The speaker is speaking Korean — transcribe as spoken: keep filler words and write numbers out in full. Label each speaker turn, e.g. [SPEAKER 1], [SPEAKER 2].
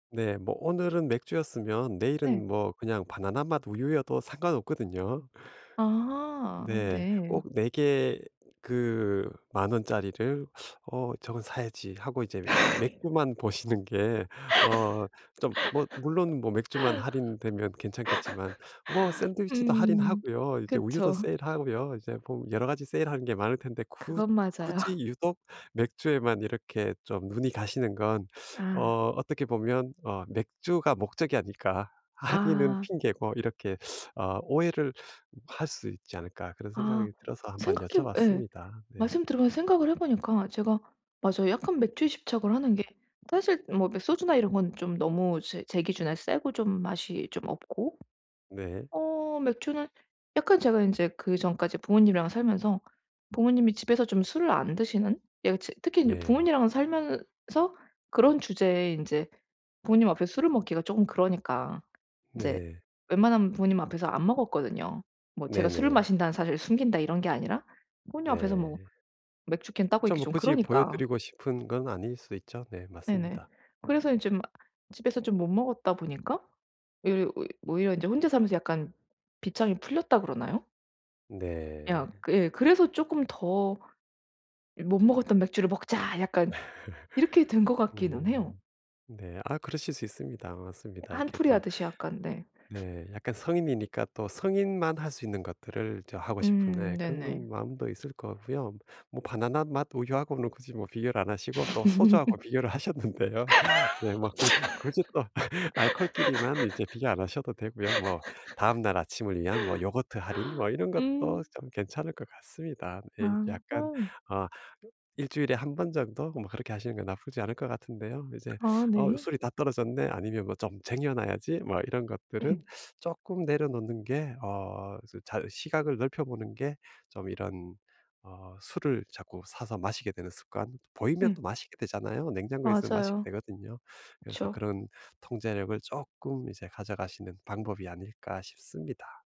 [SPEAKER 1] 네. 뭐 오늘은 맥주였으면
[SPEAKER 2] 예.
[SPEAKER 1] 내일은 뭐 그냥 바나나맛 우유여도 상관없거든요.
[SPEAKER 2] 아
[SPEAKER 1] 네.
[SPEAKER 2] 네.
[SPEAKER 1] 꼭 네 개 그 만 원짜리를 '어 저건 사야지.' 하고 이제 맥주만 보시는 게 어 좀 뭐 물론 뭐 맥주만 할인되면 괜찮겠지만 뭐 샌드위치도
[SPEAKER 2] 음
[SPEAKER 1] 할인하고요. 이제 우유도
[SPEAKER 2] 그쵸.
[SPEAKER 1] 세일하고요. 이제 뭐 여러 가지 세일하는 게 많을 텐데 굳
[SPEAKER 2] 그건
[SPEAKER 1] 굳이
[SPEAKER 2] 맞아요.
[SPEAKER 1] 유독 맥주에만 이렇게 좀 눈이 가시는 건
[SPEAKER 2] 아.
[SPEAKER 1] 어 어떻게 보면 어 '맥주가 목적이 아닐까 할인은
[SPEAKER 2] 아.
[SPEAKER 1] 핑계고.' 이렇게 아 오해를 할 수 있지 않을까 그런
[SPEAKER 2] 아
[SPEAKER 1] 생각이 들어서 한번
[SPEAKER 2] 생각해 예
[SPEAKER 1] 여쭤봤습니다. 네.
[SPEAKER 2] 말씀 들으면서 생각을 해 보니까 제가 맞아요 약간 맥주에 집착을 하는 게 사실 뭐 매 소주나 이런 건 좀 너무 제 제 기준에 세고 좀 맛이 좀 없고
[SPEAKER 1] 네.
[SPEAKER 2] 어 맥주는 약간 제가 인제 그전까지 부모님이랑 살면서 부모님이 집에서 좀 술을 안 드시는 예. 츠 특히 이제
[SPEAKER 1] 네.
[SPEAKER 2] 부모님이랑 살면서 그런 주제에 인제 부모님 앞에서 술을 먹기가 쪼금 그러니까 이제
[SPEAKER 1] 네.
[SPEAKER 2] 웬만하면 부모님 앞에서 안 먹었거든요. 뭐 제가 술을
[SPEAKER 1] 네네.
[SPEAKER 2] 마신다는 사실을 숨긴다 이런 게 아니라 부모님 앞에서 뭐
[SPEAKER 1] 네.
[SPEAKER 2] 맥주 캔 따고
[SPEAKER 1] 그렇죠.
[SPEAKER 2] 있기
[SPEAKER 1] 뭐
[SPEAKER 2] 좀
[SPEAKER 1] 굳이
[SPEAKER 2] 그러니까.
[SPEAKER 1] 보여드리고 싶은 건 아닐 수 있죠. 네.
[SPEAKER 2] 네네.
[SPEAKER 1] 맞습니다.
[SPEAKER 2] 그래서 이 좀 집에서 좀 못 먹었다 보니까 외려 오히 오히려 인제 혼자 살면서 약간 빗장이 풀렸다 그러나요?
[SPEAKER 1] 음 네.
[SPEAKER 2] 그냥 예 그래서 쪼끔 더 '이 못 먹었던 맥주를 먹자.' 약간 이렇게 된 것 같기는 해요.
[SPEAKER 1] 음. 네. 아 그러실 수 있습니다. 맞습니다. 이렇게 또
[SPEAKER 2] 한풀이하듯이 약간. 네.
[SPEAKER 1] 네 약간 성인이니까 또 성인만 할 수 있는 것들을 저 하고 싶은
[SPEAKER 2] 음
[SPEAKER 1] 네 그런 건
[SPEAKER 2] 네네.
[SPEAKER 1] 마음도 있을 것 같고요. 뭐 바나나맛 우유하고는 굳이 뭐 비교를 안 하시고 또 소주하고 비교를 하셨는데요. 네 막 굳 굳이 또 알코올끼리만 이제 비교 안 하셔도 되고요. 뭐 다음날 아침을 위한 뭐 요거트 할인 뭐 이런 것도
[SPEAKER 2] 음.
[SPEAKER 1] 좀 괜찮을 것 같습니다. 네. 약간
[SPEAKER 2] 아하.
[SPEAKER 1] 아 일 주일에 한 번 정도 뭐 그렇게 하시는 게 나쁘지 않을 것 같은데요. 이제
[SPEAKER 2] 아
[SPEAKER 1] '어
[SPEAKER 2] 네.
[SPEAKER 1] 술이 다 떨어졌네.' 아니면 뭐 '좀 쟁여 놔야지.' 뭐 이런 것들은 쪼끔 내려놓는 게 어 저 잘 시각을 넓혀 보는 게 좀 이런 어 술을 자꾸 사서 마시게 되는 습관 보이면 또
[SPEAKER 2] 음.
[SPEAKER 1] 마시게 되잖아요? 냉장고에 있으면 마시게
[SPEAKER 2] 맞아요.
[SPEAKER 1] 되거든요. 그래서
[SPEAKER 2] 그쵸.
[SPEAKER 1] 그런 통제력을 쪼끔 이제 가져가시는 방법이 아닐까 싶습니다.